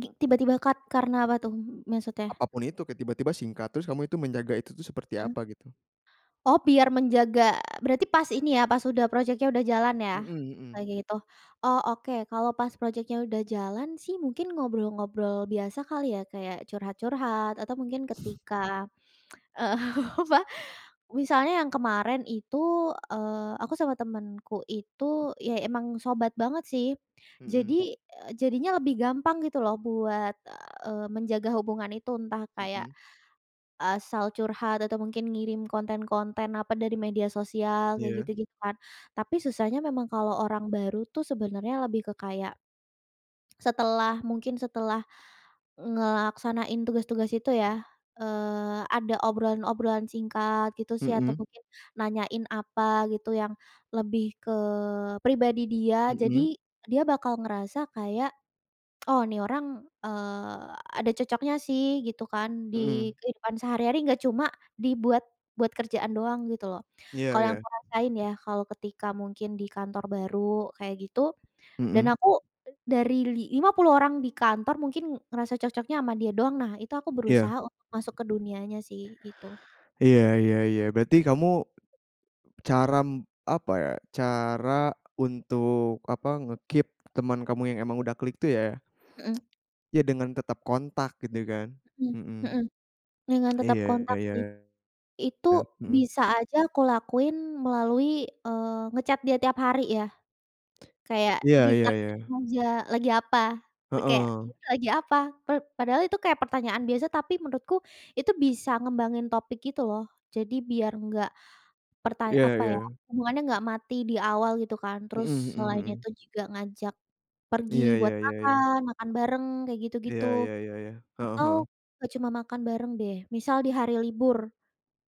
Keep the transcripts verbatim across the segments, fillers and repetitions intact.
Gi tiba-tiba cut karena apa tuh m maksudnya? Apapun itu. Kayak tiba-tiba singkat, terus kamu itu menjaga itu tuh seperti Eh. apa gitu? Oh, biar menjaga berarti pas ini ya, pas udah projeknya udah jalan ya, Mhm mhm. kayak gitu? Oh, oke. Kalau pas projeknya udah jalan sih mungkin ngobrol-ngobrol biasa kali ya? Kayak curhat-curhat atau mungkin ketika, eee, apa, misalnya yang kemarin itu, eee, aku sama temanku itu, iya emang sobat banget sih, Mhm. jadi, eee, jadinya lebih gampang gitu loh buat, eee, menjaga hubungan itu. Entah kayak Mhm. asal curhat atau mungkin ngirim konten-konten apa dari media sosial, kayak Iya. gitu-gitu kan, tapi susahnya memang kalau orang baru tuh sebenarnya lebih ke kayak setelah, mungkin setelah ngelaksanain tugas-tugas itu yah, eee, ada obrolan-obrolan singkat gitu sih atau Mhm. mungkin nanyain apa gitu yang lebih ke pribadi dia, Mhm. jadi dia bakal ngerasa kayak, "Oh ini orang," eee, "ada cocoknya sih." Gitu kan. Di Mhm. kehidupan sehari-hari enggak cuma dibuat buat kerjaan doang gitu loh, Iya kalau yang iya. aku rasain ya, kalau ketika mungkin di kantor baru kayak gitu dan Mhm. aku dari li lima puluh orang di kantor, mungkin ngerasa cocoknya sama dia doang, nah itu aku Iya. berusaha untuk masuk ke dunianya sih gitu. Iya iya iya, berarti kamu caram apa ya, cara untuk apa nge-keep teman kamu yang emang udah klik itu ya, Mhm. ya dengan tetap kontak gitu kan? Mhm Mhm. mhm. Dengan tetap Iya kontak iya. sih. Itu Kan heeh. bisa aja aku lakuin melalui, eee, nge-chat dia tiap hari ya. Kayak Iya di iya iya. tanyain aja lagi apa, itu kayak, Heeh. "Lu lagi apa?" Pa padahal itu kayak pertanyaan biasa, tapi menurutku itu bisa ngembangin topik gitu loh. Jadi biar enggak perta Iya apa ya, iya. hubungannya enggak mati di awal gitu kan, Mhm terus mhm selain mhm. itu juga ngajak Iya pergi iya buat iya iya. makan, makan bareng kayak Iya gitu-gitu, iya iya iya. Heeh atau heeh. enggak cuma makan bareng deh, misal di hari libur.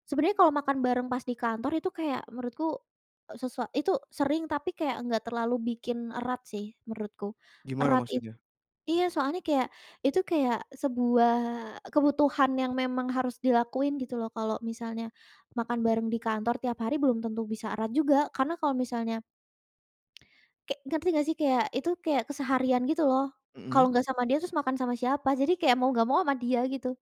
Sebenarnya kalau makan bareng pas di kantor itu kayak menurutku, eee, sesua itu sering tapi kayak enggak terlalu bikin erat sih menurutku. Gimana Erat it maksudnya? iya soalnya kayak itu kayak sebuah kebutuhan yang memang harus dilakuin gitu loh. Kalau misalnya makan bareng di kantor tiap hari belum tentu bisa erat juga karena kalau misalnya kek ngerti nggak sih? Kayak, itu kayak keseharian gitu loh. Kalau Mhm. nggak sama dia terus makan sama siapa? Jadi kayak mau enggak mau sama dia gitu.